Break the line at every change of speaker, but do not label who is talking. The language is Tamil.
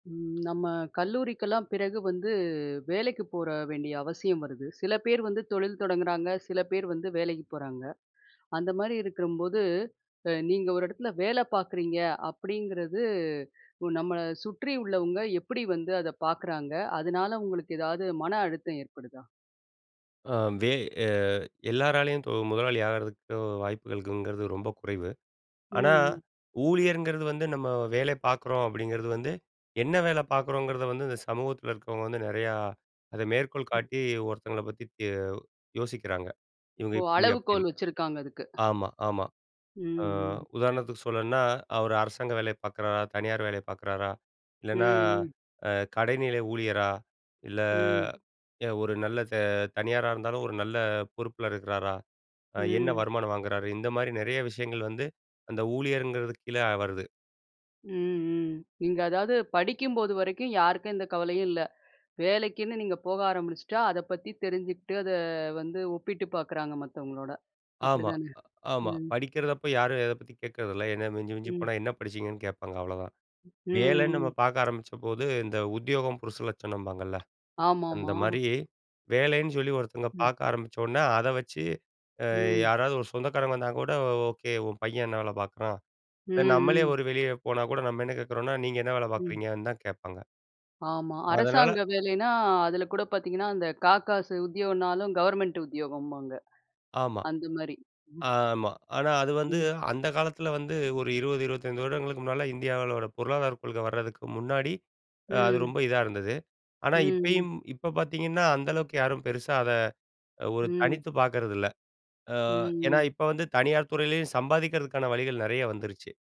ம் நம்ம கல்லூரிக்கெல்லாம் பிறகு வந்து வேலைக்கு போக வேண்டிய அவசியம் வருது. சில பேர் வந்து தொழில் தொடங்குறாங்க. சில பேர் வந்து வேலைக்கு போறாங்க. அந்த மாரி இருக்கும்போது, அ நீங்க ஒரு எடத்துல வேல பாக்குறீங்க அப்டிங்கிறது, நம்மள சுற்றி உள்ளவங்க எப்படி வந்து அத பாக்குறாங்க? அதனால உங்களுக்கு ஏதாவது மன அழுத்தம் ஏற்படுதா?
ஆ வே எ எல்லாராலயும் தொ முதலாளி ஆகிறதுக்கு, வாய்ப்புகள் இருக்குங்கிறது ரொம்ப குறைவு. ஆனா
ம்.
ஊழியர்ங்கிறது வந்து, நம்ம வேல பாக்குறோம். அப்டிங்கிறது வந்து, என்ன வேல பாக்குறோங்கிறத வந்து இந்த சமூகத்தில இருக்குறவங்க வந்து நிறையா அத மேற்கோள்
ம்.
காட்டி, ஒருத்தவங்கள பத்தி தி யோவ் யோசிக்கிறாங்க. இவுங்க
ஓ,
இப்படி
அளவுகோல்
அப்டின்னு.
வச்சிருக்காங்க அதுக்கு.
ஆமா ஆமா.
ம்.
ஆ
ம்.
உதாரணத்துக்கு சொல்லணும்னா, அவரு அரசாங்க வேலை பாக்குறாரா? தனியார் வேலை பாக்குறாரா?
ம்.
இல்லனா
ம்.
அ கடைநில ஊழியரா? இல்ல
ம்.
ய ஒரு நல்ல ச தனியாரா இருந்தாலும், ஒரு நல்ல பொறுப்பில இருக்கிறாரா? அ என்ன
ம்.
வருமானம் வாங்குறாரு? இந்த மாரி நிறைய விஷயங்கள் வந்து, அந்த ஊழியர்ங்கிறதுக்கு கீழ வருது.
ம். ம். நீங்க அதாவது படிக்கும்போது வரைக்கும், யாருக்கும் எந்த கவலையும் இல்ல. வேலைக்குன்னு நீங்க போக ஆரம்பிச்சிட்டா அத பத்தி தெரிஞ்சுகிட்டு, அத வந்து ஒப்பிட்டு பாக்குறாங்க மத்தவங்களோட.
ஆமா,
அப்டிதானே?
அ ஆமா.
ம்.
படிக்கிறதப்போ யாரும் எதை பத்தி கேட்குறதில்ல, என்னா மிஞ்சி மிஞ்சி
ம்.
போனா என்ன படிச்சீங்கன்னு? கேட்பாங்க அவ்ளோதான்.
ம்.
வேலன்னு நம்ம
ம்
பாக்க ஆரம்பிச்சபோது, இந்த உத்தியோகம் புருஷலட்சணம்பாங்கல்ல. அந்த
ஆமாமா.
மாரி வேலைன்னு சொல்லி ஒருத்தவங்க
ம்.
பாக்க ஆரம்பிச்சோன்னே, அத வச்சு, அ
ம்.
யாராவது ஒரு சொந்தக்காரங்க வந்தா கூட, "ஓகே உன் பையன் என்ன வேல பாக்குறான்?"
ம்.
இல்ல நம்மளே
ம்.
ஒரு வெளிய போனா கூட, நம்ம என்ன கேட்குறோம்னா, நீங்க என்ன வேல
ம்.
பாக்குறீங்கன்னு? தான் கேட்பாங்க.
ஆமா.
அதனால
அரசாங்க வேலைனா, அதுல கூட பாத்தீங்கன்னா, அந்த காகாசு உத்தியோகம்னாலும், கவர்ன்மென்ட்டு உத்தியோகம்பாங்க.
ஆமா.
அந்த மாரி,
ஆமா. ஆனா அது வந்து
ம்.
அந்த காலத்தில வந்து ஒரு 20- 25 வருடங்களுக்கு முன்னால, இந்தியாவுல உள்ள பொருளாதார கொள்கை வரதுக்கு முன்னாடி, அ அது
ம்.
ரொம்ப இதா இருந்தது. ஆனா
ம். ம்.
இப்பயும் இப்ப பாத்தீங்கன்னா அந்த அளவுக்கு யாரும் பெருசா அத ஒரு
ம்.
தனித்துப் பாக்கிறதில்ல. அ ஏன்னா
ம். ம்.
இப்ப வந்து தனியார் துறையிலேயும் சம்பாதிக்கிறதுக்கான வழிகள் நிறைய வந்துருச்சு.